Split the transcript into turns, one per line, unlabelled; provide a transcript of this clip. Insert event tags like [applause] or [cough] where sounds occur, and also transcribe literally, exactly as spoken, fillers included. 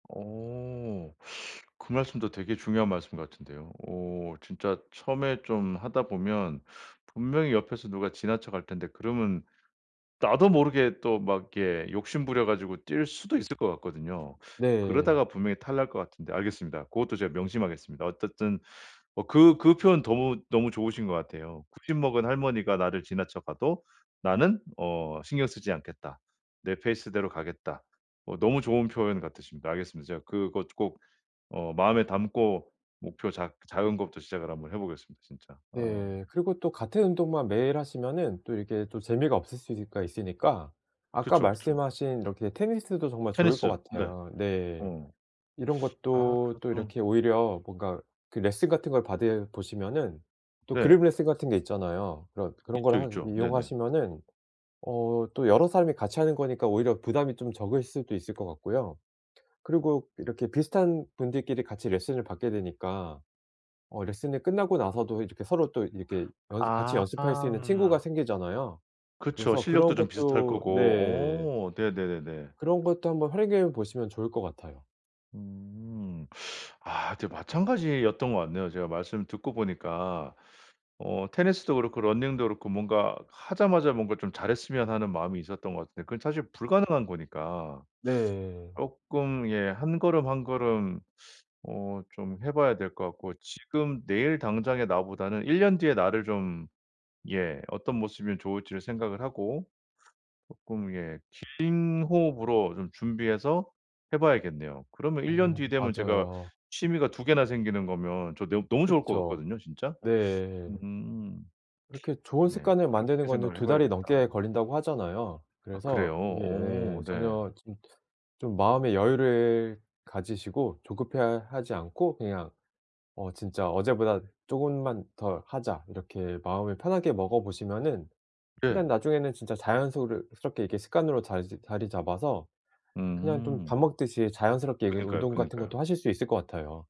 어. 그 말씀도 되게 중요한 말씀 같은데요. 어 진짜 처음에 좀 하다 보면 분명히 옆에서 누가 지나쳐 갈 텐데 그러면 나도 모르게 또 막 이렇게 욕심 부려 가지고 뛸 수도 있을 것 같거든요.
네.
그러다가 분명히 탈날 것 같은데 알겠습니다. 고것도 제가 명심하겠습니다. 어쨌든 어 그 그 표현 더무 너무 좋으신 것 같아요. '구십 먹은 할머니가 나를 지나쳐 가도 나는 어 신경 쓰지 않겠다. 내 페이스대로 가겠다.' 어 너무 좋은 표현 같으십니다. 알겠습니다. 제가 그거 꼭 어 마음에 담고 목표 작 작은 것부터 시작을 한번 해 보겠습니다 진짜. 어.
네. 그리고 또 같은 운동만 매일 하시면은 또 이렇게 또 재미가 없을 수가 있으니까 아까
그쵸, 그쵸.
말씀하신 이렇게 테니스도 정말 좋을 것
테니스. 네.
같아요. 네.
어.
이런
아
것도
그거
또
좀.
이렇게 오히려 뭔가 그 레슨 같은 걸 받으 보시면은 또
네.
그룹 레슨 같은 게 있잖아요. 그런 그런
있죠,
거를 한
있죠. 네네.
이용하시면은 어 또 여러 사람이 같이 하는 거니까 오히려 부담이 좀 적을 수도 있을 것 같고요. 그리고 이렇게 비슷한 분들끼리 같이 레슨을 받게 되니까 어 레슨이 끝나고 나서도 이렇게 서로 또 이렇게 연습 같이
아
연습할 수 있는 친구가
아.
생기잖아요.
그쵸.
그래서
실력도
그런
좀 비슷할
것도 네.
거고. 어. 네네네네.
그런 것도 한번 활용해 보시면 좋을 것 같아요.
음. [sucks teeth] 아 저 마찬가지였던 것 같네요 제가 말씀 듣고 보니까. 어 테니스도 그렇고 러닝도 그렇고 뭔가 하자마자 뭔가 좀 잘했으면 하는 마음이 있었던 것 같은데 그건 사실 불가능한 거니까.
네.
쪼끔 예 한 걸음, 한 걸음 어 좀 해 봐야 될 것 같고 지금 내일 당장의 나보다는 일 년 뒤의 나를 좀 예 어떤 모습이 좋을지를 생각을 하고 쪼끔 예 긴 호흡으로 좀 준비해서 해 봐야겠네요. 그러면 일 년
어.
뒤 되면 제가
맞아요.
취미가 두 개나 생기는 거면 저 너 너무 좋을 것
그쵸.
같거든요 진짜.
네.
음.
이렇게 좋은
네.
습관을
그렇게
만드는 거는
생각을 해
두 달이
봐야겠다.
넘게 걸린다고 하잖아요.
아 그래요.
그래서 이게 예
어 네.
전혀 좀 좀 마음의 여유를 가지시고 조급해 하지 않고 그냥 '어 진짜 어제보다 쪼금만 더 하자.' 이렇게 마음을 편하게 먹어 보시면은 그냥
예.
나중에는 진짜 자연소르 ...스럽게 이게 습관으로 자리 잡아서 그냥 좀 밥
음.
먹듯이 자연스럽게 이
그니까요,
운동 같은
그니까요.
것도 하실 수 있을 것 같아요.